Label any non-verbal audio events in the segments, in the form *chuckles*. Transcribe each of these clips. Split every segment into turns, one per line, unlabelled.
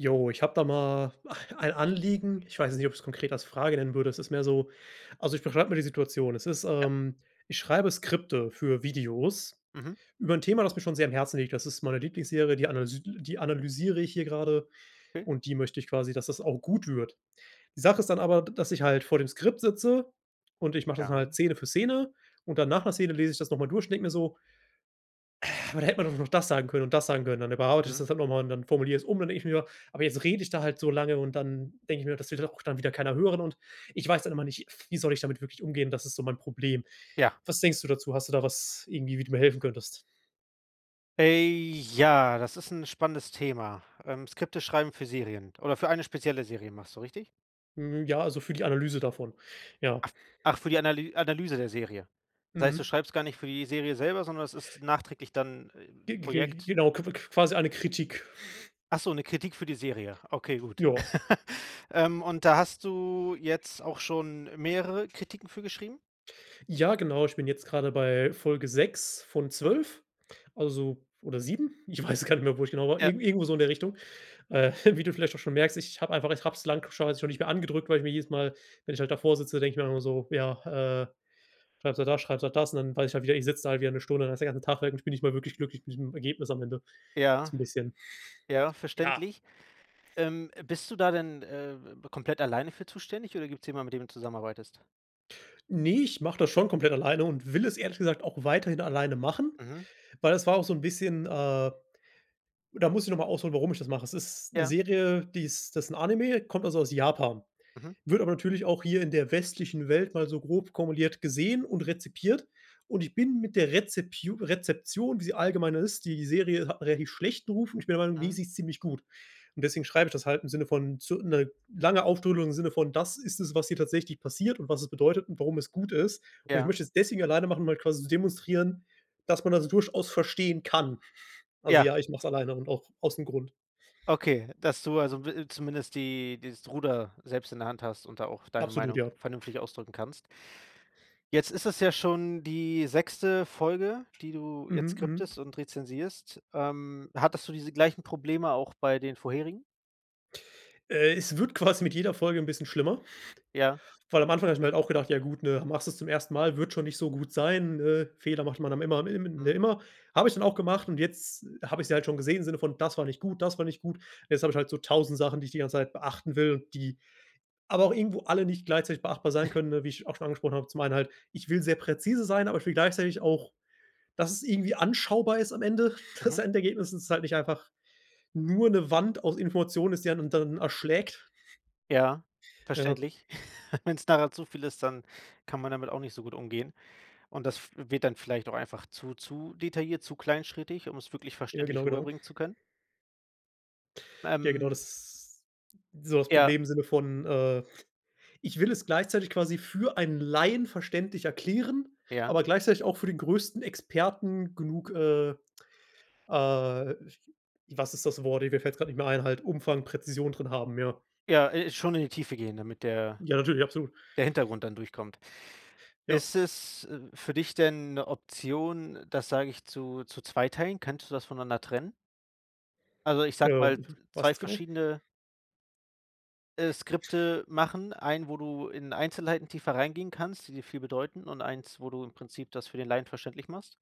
Jo, ich habe da mal *chuckles* ein Anliegen. Ich weiß nicht, ob ich es konkret als Frage nennen würde. Es ist mehr so also, ich beschreibe mal die Situation. Es ist,
Ja.
ähm ich schreibe Skripte für Videos
Mhm.
über 'n Thema, das mir schon sehr am Herzen liegt. Das ist meine Lieblingsserie, die analys die analysiere ich hier gerade.
Okay.
Und die möchte ich quasi dass das auch gut wird. Die Sache ist dann aber, d dass ich halt vor dem Skript sitze und ich mache das halt
Ja.
Szene für Szene. Und dann nach 'ner Szene lese ich das noch mal durch und denke mir so: „Aber da hätte man noch das sagen können und das sagen können.” Dann überarbeite ich
Mhm.
das halt nochmal und dann formuliere ich es um, dann denke ich mir: „Aber jetzt rede ich da halt so lange.” Und dann denke ich mir: „Das will dann auch dann wieder keiner hören.” Und ich weiß dann immer nicht, f wie soll ich damit wirklich umgehen, das ist so mein Problem.
Ja.
Was denkst du dazu? Hast du da was, irgendwie, wie du mir helfen könntest?
Äh, ja, das ist 'n spannendes Thema. Ähm, Skripte schreiben für Serien oder für eine spezielle Serie machst du, richtig?
Mhm, ja, also, für die Analyse davon, ja.
Af ach, für die Analy Analyse der Serie. Das heißt, du
Mhm.
schreibst gar nicht für die Serie selber, sondern es ist nachträglich dann, äh
Ge ge
Projekt?
genau, q qu quasi eine Kritik. *chuckles*
Ach so, 'ne Kritik für die Serie. Okay, gut.
Ja.
*chuckles* Ähm, und da hast du jetzt auch schon mehrere Kritiken für geschrieben?
Ja, genau. Ich bin jetzt grade bei Folge 6 von
Mhm.
12. Also oder 7, ich weiß gar nicht mehr, wo ich genau war,
Ja.
irgend irgendwo so in der Richtung. Äh, wie du vielleicht auch schon merkst: Ich habe einfach ich habe es lang schon nicht mehr angedrückt, weil ich mir jedes Mal, wenn ich halt davor sitze, denke ich dann immer so: „Ja, äh, schreibst halt das, schreibst halt das.“ Und dann weiß ich halt wieder: Ich sitze da halt wieder 'ne Stunde, dann ist der ganze Tag weg und ich bin nicht mal wirklich glücklich mit diesem Ergebnis am Ende. Das
Ja.
ist 'n bisschen *chuckles*
Ja,
ja.
verständlich, ähm, bist du da denn, äh, äh, b komplett alleine für zuständig, oder gibt's jemand, mit dem du zusammenarbeitest?
Ne, ich mache das schon komplett alleine und will es ehrlich gesagt auch weiterhin alleine machen,
Mhm.
weil das war auch so 'n bisschen, äh da muss ich nochmal ausholen, warum ich das mache. Da ist 'ne
Ja.
Serie, die ist das 'n Anime, kommt also aus Japan.
Mhm.
Wird aber natürlich auch hier in der westlichen Welt mal so grob kumuliert gesehen und rezipiert. Und ich bin mit der Rezepiu Rezeption, wie sie allgemeiner ist die Serie hat 'n relativ schlechten Ruf und ich bin der Meinung: „Ne,
Mhm.
sie ist ziemlich gut.“ Und deswegen schreibe ich das halt im Sinne von zu 'ne lange Ausführung im Sinne von: „Das ist es, was hier tatsächlich passiert und was es bedeutet und warum es gut ist.“ Und ich
Ja.
möchte es deswegen alleine machen, um halt quasi zu demonstrieren, dass man das durchaus verstehen kann. *chuckles* Also,
Ja.
ja, ich mache es alleine und auch aus 'n Grund.
Okay, dass du, also, w äh, zumindest die dieses Ruder selbst in der Hand hast und da auch deine
Absolut,
Meinung
ja.
vernünftig ausdrücken kannst? Jetzt ist es ja schon die 6. Folge, die du jetzt
Mhm, mhm.
scriptest und rezensierst. Ähm, hattest du diese gleichen Probleme auch bei den vorherigen?
Äh, es wird quasi mit jeder Folge 'n bisschen schlimmer,
Ja.
*chuckles* weil am Anfang habe ich mir halt auch gedacht: „Ja, gut, ne, machst das zum 1. Mal, wird schon nicht so gut sein. Äh, Fehler macht man dann immer am im
Mhm.
immer.“ Habe ich dann auch gemacht und jetzt habe ich sie halt schon gesehen im Sinne von: „Das war nicht gut. Das war nicht gut. Jetzt habe ich halt so 1.000 Sachen, die ich die ganze Zeit beachten will, die aber auch irgendwo alle nicht gleichzeitig beachtbar sein
*chuckles*
können, ne, wie ich auch schon angesprochen habe. Zum einen halt: Ich will sehr präzise sein, aber ich will gleichzeitig auch, dass es irgendwie anschaubar ist am Ende. *chuckles* Das
Mhm.
Endergebnis ist halt nicht einfach nur 'ne Wand aus Information ist die einen dann erschlägt. *chuckles*
Ja,
Ja.
verständlich. *chuckles* Wenn's nachher zu viel ist, dann kann man damit auch nicht so gut umgehen. Und das f wird dann vielleicht auch einfach zu zu detailliert, zu kleinschrittig, um's wirklich
Ja, genau,
verständlich
genau.
rüberbringen zu können?
Ja, genau,
Ähm
das so das
Ja.
Problem im Sinne von, äh: Ich will es gleichzeitig quasi für einen Laien verständlich erklären,
Ja.
aber gleichzeitig auch für den größten Experten genug, äh, äh was ist das Wort? Äh, mir fällt gerade nicht mehr ein halt Umfang, Präzision drin haben, ja.
Ja, äh, schon in die Tiefe gehen, damit der
Ja, natürlich, absolut.
der Hintergrund dann durchkommt.
Ja.
Ist es, äh, für dich denn 'ne Option, das, sage ich, zu zu zweiteilen? Könntest du das voneinander trennen? Also, ich
Äh,
sage mal,
w
z
was
2
jetzt genau?
verschiedene äh, Skripte machen, 1, wo du in Einzelheiten tiefer reingehen kannst, die dir viel bedeuten und 1, wo du im Prinzip das für den Laien verständlich machst.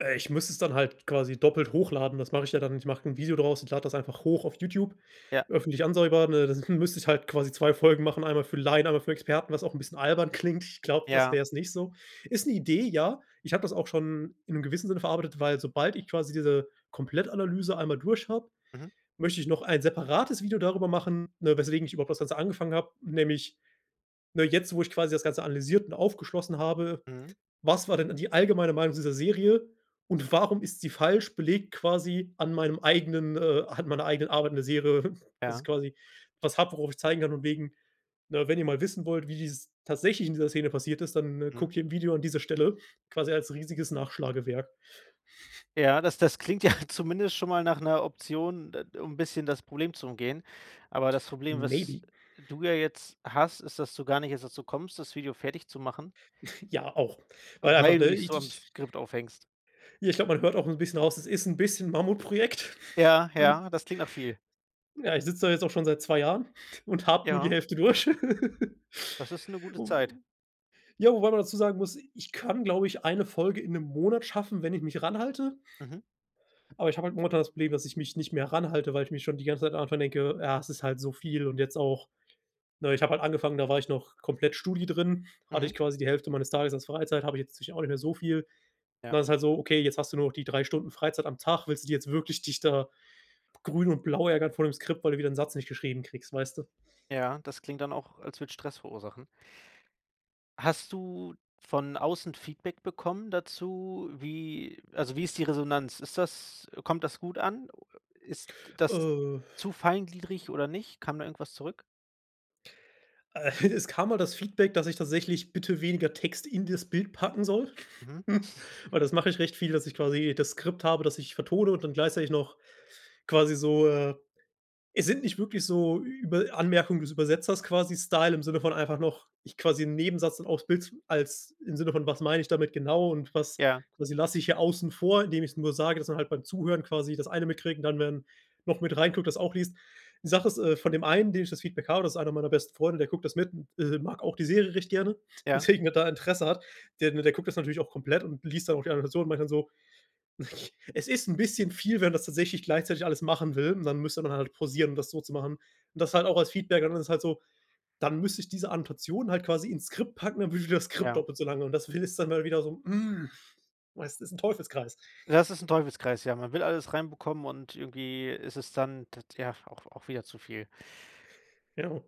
Äh, ich müsste es dann halt quasi doppelt hochladen. Das mache ich ja dann ich mache 'n Video daraus und lade das einfach hoch auf YouTube,
Ja.
öffentlich einsehbar, ne? Dann müsste ich halt quasi 2 Folgen machen. Einmal für Laien, einmal für Experten, was auch 'n bisschen albern klingt. Ich glaube, das
Ja.
wäre es nicht so. Ist 'ne Idee, ja, ich habe das auch schon in 'nem gewissen Sinne verarbeitet, weil sobald ich quasi diese Komplettanalyse einmal durch habe,
Mhm.
möchte ich noch ein separates Video darüber machen, ne, weswegen ich überhaupt das Ganze angefangen habe. Nämlich, ne, jetzt, wo ich quasi das Ganze analysiert und aufgeschlossen habe:
Mhm.
Was war denn die allgemeine Meinung dieser Serie? Und warum ist sie falsch, belegt quasi an meinem eigenen, äh an meiner eigenen Arbeit in der Serie, dass ich
Ja.
quasi was habe, worauf ich zeigen kann und wegen: „Ne, wenn ihr mal wissen wollt, wie dies tatsächlich in dieser Szene passiert ist, dann, äh, gucke
Mhm.
hier im Video an dieser Stelle,“ quasi als riesiges Nachschlagewerk. *chuckles*
Ja, das das klingt ja zumindest schon mal nach 'ner Option, d äh, um 'n bisschen das Problem zu umgehen. Aber das Problem, was
Maybe.
du ja jetzt hast, ist, dass du gar nicht erst dazu kommst, das Video fertig zu machen
*chuckles* Ja auch. Weil einfach,
weil du
ne,
dich
i
so am
ich
Skript aufhängst.
Ja, ich glaube, man hört auch 'n bisschen raus, das ist 'n bisschen Mammutprojekt.
Ja, ja,
*chuckles*
das klingt nach viel.
Ja, ich sitze da jetzt auch schon seit 2 Jahren *chuckles* und habe nur die
Ja.
Hälfte durch. *laughs*
Das ist 'ne gute Zeit.
Ja, wobei man dazu sagen muss: Ich kann, glaube ich, 1 Folge in 1 Monat schaffen, wenn ich mich ranhalte
Mhm.
aber ich habe halt momentan das Problem, dass ich mich nicht mehr ranhalte, weil ich mir schon die ganze Zeit von Anfang an denke: „Ja, das ist halt so viel.“ Und jetzt auch ne, ich habe halt angefangen, da war ich noch komplett Studi drin. *chuckles* Hatte
Mhm.
ich quasi die Hälfte meines Tages als Freizeit, habe ich jetzt natürlich auch nicht mehr so viel. Und
Ja.
dann ist es halt so: „Okay, jetzt hast du nur die 3 Stunden Freizeit am Tag, willst du die jetzt wirklich dich da grün und blau ärgern vor dem Skript, weil du wieder 'n Satz nicht geschrieben kriegst,“ weißt du?
Ja, das klingt dann auch, als würde es Stress verursachen. Hast du von außen Feedback bekommen dazu? Wie also, wie ist die Resonanz? Ist das kommt das gut an? Ist das
Äh.
zu feingliedrig oder nicht? Kam da irgendwas zurück?
Äh, es kam mal das Feedback, dass ich tatsächlich bitte weniger Text in das Bild packen soll.
Mhm.
*chuckles*
*chuckles*
Weil das mache ich recht viel, dass ich quasi das Skript habe, dass ich vertone und dann gleichzeitig noch quasi so, äh es sind nicht wirklich so Über Anmerkungen des Übersetzers quasi, Style im Sinne von, einfach noch ich quasi 'n Nebensatz und auf's Bild als im Sinne von: Was meine ich damit genau? Und was
Ja.
quasi lasse ich hier außen vor, indem ich's nur sage, dass man halt beim Zuhören quasi das eine mitkriegen und dann werden noch mit rein guckt, das auch liest Die Sache ist, äh, von dem einen, dem ich das Feedback habe, das ist einer meiner besten Freunde, der guckt das mit und, äh, mag auch die Serie recht gerne,
Ja.
weswegen er da Interesse hat. Der der guckt das natürlich auch komplett und liest dann auch die andere Version und meint dann so: *chuckles* „Es ist 'n bisschen viel, wenn man das tatsächlich gleichzeitig alles machen will. Man müsste dann halt pausieren, um das so zu machen.“ Das halt auch als Feedback, und dann ist es halt so, dann müsste ich diese Annotation halt quasi ins Skript packen, dann würde das Skript
Ja.
doppelt so lange. Und das findest dann mal wiederum, hm weißt, ist 'n Teufelskreis.
Ja, das ist 'n Teufelskreis, ja. Man will alles reinbekommen und irgendwie ist es dann t tja, auch auch wieder zu viel.
Genau.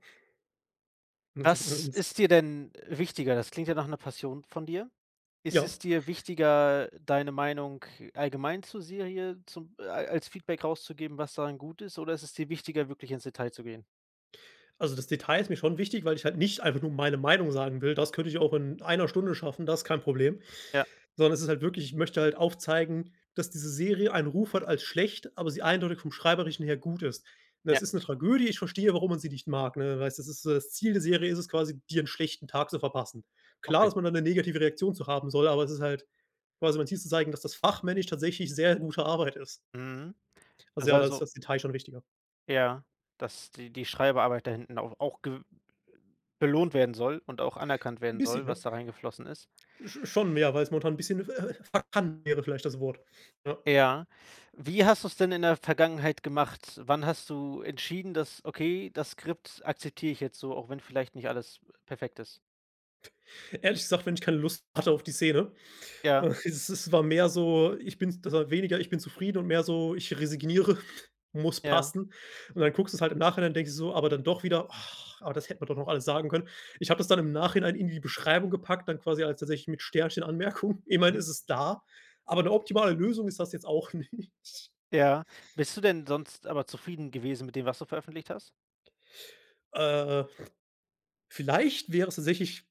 Was ist dir
*unintelligible*
denn wichtiger? Das klingt ja nach 'ner Passion von dir. Ist
Ja.
es dir
*chuckles*
wichtiger, deine Meinung allgemein zu Serie zu al als Feedback rauszugeben, was daran gut ist, oder ist es dir wichtiger, wirklich ins Detail zu gehen?
Also, das Detail ist mir schon wichtig, weil ich halt nicht einfach nur meine Meinung sagen will. Das könnte ich auch in 1 Stunde schaffen. Das kein Problem,
Ja.
sondern es ist halt wirklich. Ich möchte halt aufzeigen, dass diese Serie einen Ruf hat als schlecht, aber sie eindeutig vom Schreiberischen her gut ist. Es
Ja.
ist 'ne Tragödie. Ich verstehe, warum man sie nicht mag. Ne, weil es ist das Ziel der Serie ist es quasi dir 'n schlechten Tag zu verpassen. Klar,
Okay.
dass man da 'ne negative Reaktion zu haben soll. Aber es ist halt quasi, mein Ziel zu zeigen, dass das fachmännisch tatsächlich sehr gute Arbeit ist.
Mhm.
Also
Das
ja, da ist
also
das Detail schon wichtiger.
Ja, dass die die Schreibarbeit da hinten au auch gew belohnt werden soll und auch anerkannt
'N
werden
bisschen,
soll,
ja.
was da reingeflossen ist.
Sch schon mehr, weil es momentan 'n bisschen verkannt wäre vielleicht das Wort. Ja.
Ja. Wie hast du's denn in der Vergangenheit gemacht? Wann hast du entschieden dass „Okay, das Skript akzeptiere ich jetzt so, auch wenn vielleicht nicht alles, perfekt ist.“
Ehrlich gesagt, wenn ich keine Lust hatte auf die Szene, äh,
Ja.
es es war mehr so, ich bin s das war weniger ich bin zufrieden und mehr so ich resigniere, *chuckles* muss
Ja.
passen. Und dann guckst du's halt im Nachhinein, denkst du so aber dann doch wieder. *sighs* aber das hätte man doch noch alles sagen können. Ich habe das dann im Nachhinein in die Beschreibung gepackt, dann quasi als tatsächlich mit Sternchen Anmerkung. Immerhin
Mhm.
ist es da, aber 'ne optimale Lösung ist das jetzt auch nicht.
Ja. Bist du denn sonst aber zufrieden gewesen mit dem, was du veröffentlicht hast?
Äh, *snorts* vielleicht wäre es tatsächlich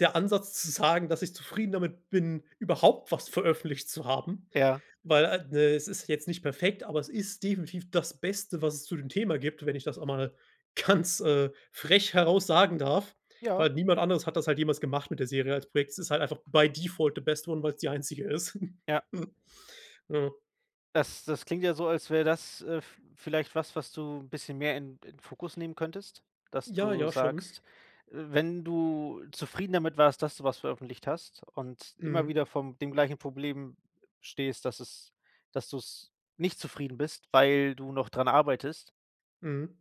der Ansatz zu sagen, dass ich zufrieden damit bin, überhaupt was veröffentlicht zu haben.
Ja.
Weil a ne, es ist jetzt nicht perfekt, aber es ist definitiv das Beste, was es zu dem Thema gibt, wenn ich das einmal ganz, äh, frech heraus sagen darf.
Ja.
Weil niemand anderes hat das halt jemals gemacht mit der Serie als Projekt. Es ist halt einfach by default the best one, weil's die einzige ist.
Ja.
*chuckles* Ja.
Das das klingt ja so, als wäre das, äh, v vielleicht was, was du 'n bisschen mehr in in Fokus nehmen könntest. Dass
Ja,
du
ja, schon.
sagst, wenn du zufrieden damit warst, dass du was veröffentlicht hast und immer
Mhm.
wieder von dem gleichen Problem stehst, dass es dass du's nicht zufrieden bist, weil du noch dran arbeitest
Mhm.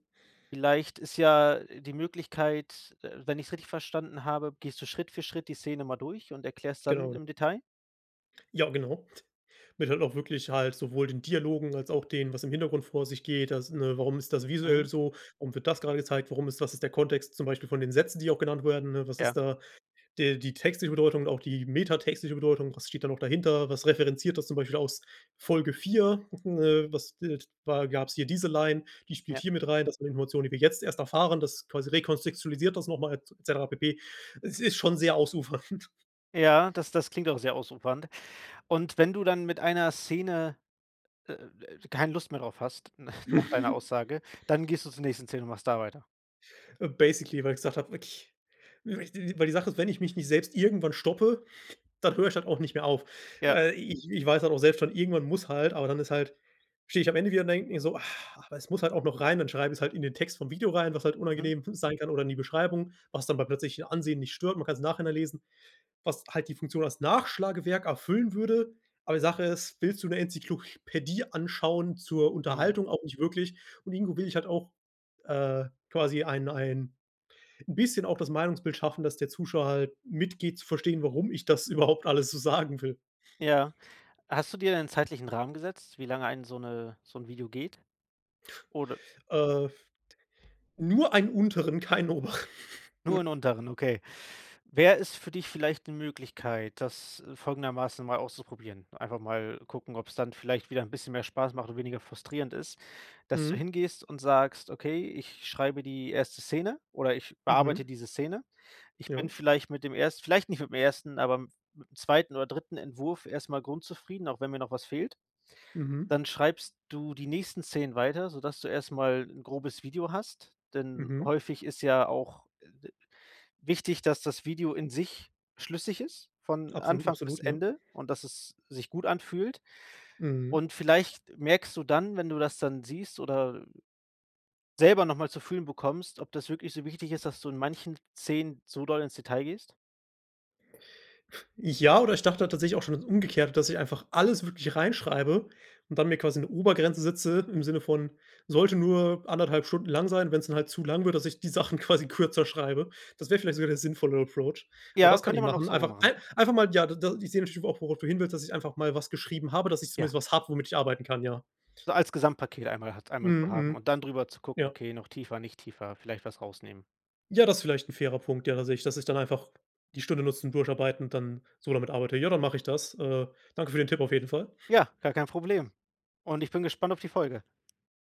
vielleicht ist ja die Möglichkeit, äh wenn ich's richtig verstanden habe, gehst du Schritt für Schritt die Szene mal durch und erklärst dann
Genau.
im Detail?
Ja, genau. Mit halt auch wirklich halt sowohl den Dialogen als auch den, was im Hintergrund vor sich geht. Das, ne warum ist das visuell
Mhm.
so? Warum wird das gerade gezeigt? Warum ist was ist der Kontext, zum Beispiel von den Sätzen, die auch genannt werden? Was ist
Ja.
da de die textliche Bedeutung und auch die metatextliche Bedeutung. Was steht da noch dahinter? Was referenziert das zum Beispiel aus Folge 4. *chuckles* Äh, was, äh wa gab's hier diese Line, die spielt
Ja.
hier mit rein. Das sind Informationen, die wir jetzt erst erfahren. Das quasi rekontextualisiert das noch mal et cetera pp. Es ist schon sehr ausufernd.
Ja, das das klingt auch sehr ausufernd. Und wenn du dann mit einer Szene, äh, äh, keine Lust mehr drauf hast, *chuckles* nach deiner
*chuckles*
Aussage, dann gehst du zur nächsten Szene und machst da weiter.
Äh, basically, weil ich gesagt habe, wirklich w weil ich die weil die Sache ist, wenn ich mich nicht selbst irgendwann stoppe, *chuckles* dann höre ich halt auch nicht mehr auf.
Ja.
Äh, ich ich weiß halt auch selbst schon irgendwann muss halt, aber dann ist halt stehe ich am Ende wieder und denke mir so: „Ah, aber es muss halt auch noch rein,“ dann schreibe ich es halt in den Text vom Video rein, was halt
Mhm.
unangenehm *chuckles* sein kann oder in die Beschreibung, was dann beim plötzlichen Ansehen nicht stört. Man kann's im Nachhinein lesen, was halt die Funktion als Nachschlagewerk erfüllen würde. Aber die Sache ist, willst du 'ne Enzyklopädie anschauen zur
Mhm.
Unterhaltung? Auch nicht wirklich. Und irgendwo will ich halt auch, äh, quasi ein ein bisschen auch das Meinungsbild schaffen, dass der Zuschauer halt mitgeht, zu verstehen, warum ich das überhaupt alles so sagen will.
Ja. Hast du dir 'nen zeitlichen Rahmen gesetzt, wie lange ein so 'ne so 'n Video geht? Oder
Äh, nur einen unteren, keinen oberen.
Nur 'n
*chuckles*
unteren, okay. Wäre es für dich vielleicht 'ne Möglichkeit, das, äh, folgendermaßen mal auszuprobieren. Einfach mal gucken, ob's dann vielleicht wieder 'n bisschen mehr Spaß macht und weniger frustrierend ist. Dass du
Mhm.
hingehst und sagst: „Okay, ich schreibe die 1. Szene oder ich bearbeite
Mhm.
diese Szene. Ich
Ja.
bin vielleicht mit dem erst vielleicht nicht mit dem 1., aber m mit dem 2. oder 3. Entwurf erstmal grundzufrieden, auch wenn mir noch was fehlt?“
Mhm.
Dann schreibst du die nächsten Szenen weiter, so, dass du erstmal 'n grobes Video hast. Denn
Mhm.
häufig ist ja auch, äh, d wichtig, dass das Video in sich schlüssig ist von
Absolut,
Anfang bis
absolut, ja.
Ende und, dass es sich gut anfühlt?
Mhm.
Und vielleicht merkst du dann, wenn du das dann siehst, oder selber noch mal zu fühlen bekommst, ob das wirklich so wichtig ist, dass du in manchen Szenen zu doll ins Detail gehst?
F ja, oder ich dachte halt tatsächlich auch schon das Umgekehrte, dass ich einfach alles wirklich reinschreibe und dann mir quasi 'ne Obergrenze setze im Sinne von: Sollte nur 1,5 Stunden lang sein. Wenn's dann halt zu lang wird, dass ich die Sachen quasi kürzer schreibe. Das wäre vielleicht sogar der sinnvollere Approach. Aber
Ja,
das kann ich
könnte man auch
machen.
so rum
Einfach
machen.
ei einfach mal, ja, d da die ich sehe das auch, worauf du hin willst, dass ich einfach mal was geschrieben habe, dass ich
Ja.
zumindest was habe, womit ich arbeiten kann, ja.
Als Gesamtpaket einmal hat einmal zu
Mhm,
haben
mhm,
und dann drüber zu gucken:
ja.
„Okay, noch tiefer, nicht tiefer, vielleicht was rausnehmen.“
Ja, das vielleicht 'n fairer Punkt, ja, tatsächlich. Dass ich dann einfach die Stunde nutzen, durcharbeiten dann so damit arbeite. Ja, dann mache ich das, äh, danke für den Tipp auf jeden Fall.
Ja, gar kein Problem. Und ich bin gespannt auf die Folge.